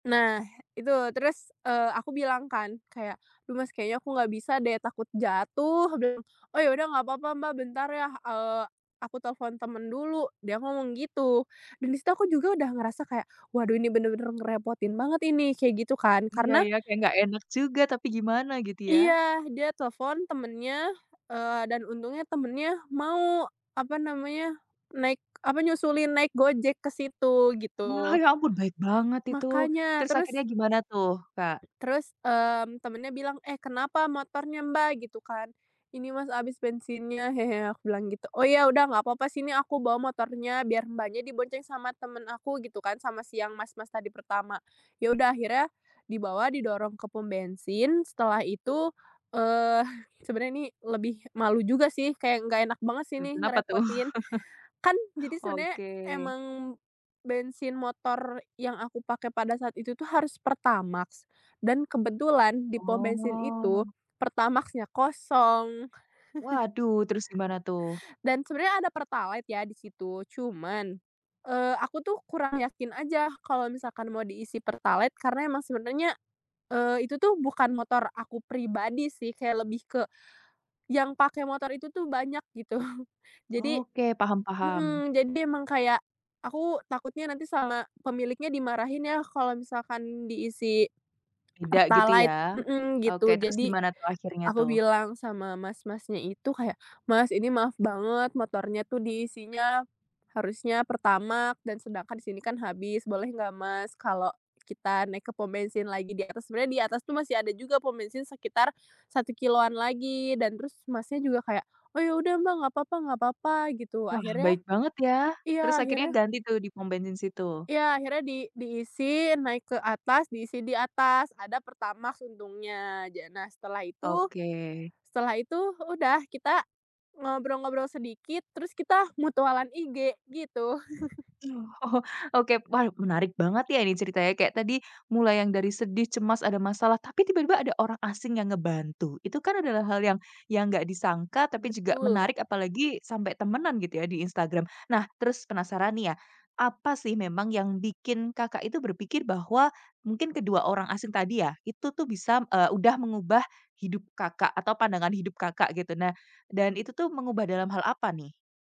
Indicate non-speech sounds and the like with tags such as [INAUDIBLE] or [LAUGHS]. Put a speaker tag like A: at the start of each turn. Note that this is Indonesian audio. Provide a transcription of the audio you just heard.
A: Nah itu terus, eee, aku bilang kan kayak, "Loh mas kayaknya aku nggak bisa deh takut jatuh," aku bilang. "Oh ya udah gak papa Mbak bentar ya, eee, aku telepon temen dulu," dia ngomong gitu, dan di situ aku juga udah ngerasa kayak waduh ini bener-bener ngerepotin banget ini kayak gitu kan.
B: Iya
A: Karena
B: ya, kayak nggak enak juga tapi gimana gitu ya?
A: Iya dia telepon temennya, eee, dan untungnya temennya mau, apa namanya, naik, apa, nyusulin naik GoJek ke situ
B: Wah,
A: gitu.
B: ya ampun baik banget itu,
A: Makanya,
B: terus
A: terus
B: akhirnya gimana tuh, Kak?
A: terus, eee, temennya bilang "Eh kenapa motornya Mbak?" gitu kan. "Ini mas habis bensinnya hehe," aku bilang gitu. "Oh ya udah nggak apa-apa sini aku bawa motornya biar Mbaknya dibonceng sama temen aku," gitu kan, sama si yang mas-mas tadi pertama. Ya udah akhirnya dibawa didorong ke pom bensin setelah itu, eee, sebenernya ini lebih malu juga sih, kayak nggak enak banget sih
B: Hmm,
A: nih
B: kenapa tuh?
A: ngerepotin. Kan
B: [LAUGHS]
A: jadi sebenernya
B: Oke.
A: emang bensin motor yang aku pakai pada saat itu tuh harus pertamax dan kebetulan di pom bensin itu
B: Oh.
A: pertamaxnya kosong. [CHUCKLES]
B: Waduh, terus gimana tuh?
A: Dan sebenernya ada pertalite ya di situ cuman, eee, aku tuh kurang yakin aja kalau misalkan mau diisi pertalite karena emang sebenernya, eee, itu tuh bukan motor aku pribadi sih, kayak lebih ke yang pakai motor itu tuh banyak gitu jadi
B: Oke, paham paham.
A: mhm, jadi emang kayak aku takutnya nanti sama pemiliknya dimarahin ya kalau misalkan diisi
B: Tidak gitu
A: pertalite
B: ya,
A: mhm,
B: oke
A: gitu
B: terus
A: jadi
B: gimana tuh, akhirnya
A: aku
B: tuh?
A: bilang sama mas-masnya itu kayak "Mas, ini maaf banget motornya tuh diisinya harusnya pertamax dan sedangkan sini kan habis boleh gak, mas kalau kita naik ke pom bensin lagi di atas?" Sebenernya di atas tuh masih ada juga pom bensin sekitar 1 kilometeran lagi dan terus mas nya juga kayak, "Oh ya udah Mbak gapapa gak papa," gitu
B: Wah,
A: akhirnya
B: baik banget ya, terus
A: iya
B: akhirnya
A: akhirnya
B: ganti tuh di pom bensin situ?
A: iya akhirnya di diisi, naik ke atas diisi di atas ada pertamax untungnya ja nah, setelah itu
B: Oke.
A: setelah itu udah kita ngobrol-ngobrol sedikit terus kita mutualan IG gitu. [LAUGHS]
B: Oh oh, oke, wah menarik banget ya ini ceritanya kayak tadi, mulai yang dari sedih cemas ada masalah, tapi tiba-tiba ada orang asing yang ngebantu, itu kan adalah hal yang yang nggak disangka tapi juga
A: Betul.
B: menarik apalagi, sampai temenan gitu ya di Instagram. Nah, terus penasaran nih ya, apa sih memang yang bikin, Kakak, itu berpikir bahwa mungkin kedua orang asing tadi ya itu tuh bisa eee, udah mengubah hidup, Kakak, atau pandangan hidup, Kakak, gitu. Nah, dan itu tuh mengubah dalam hal apa nih?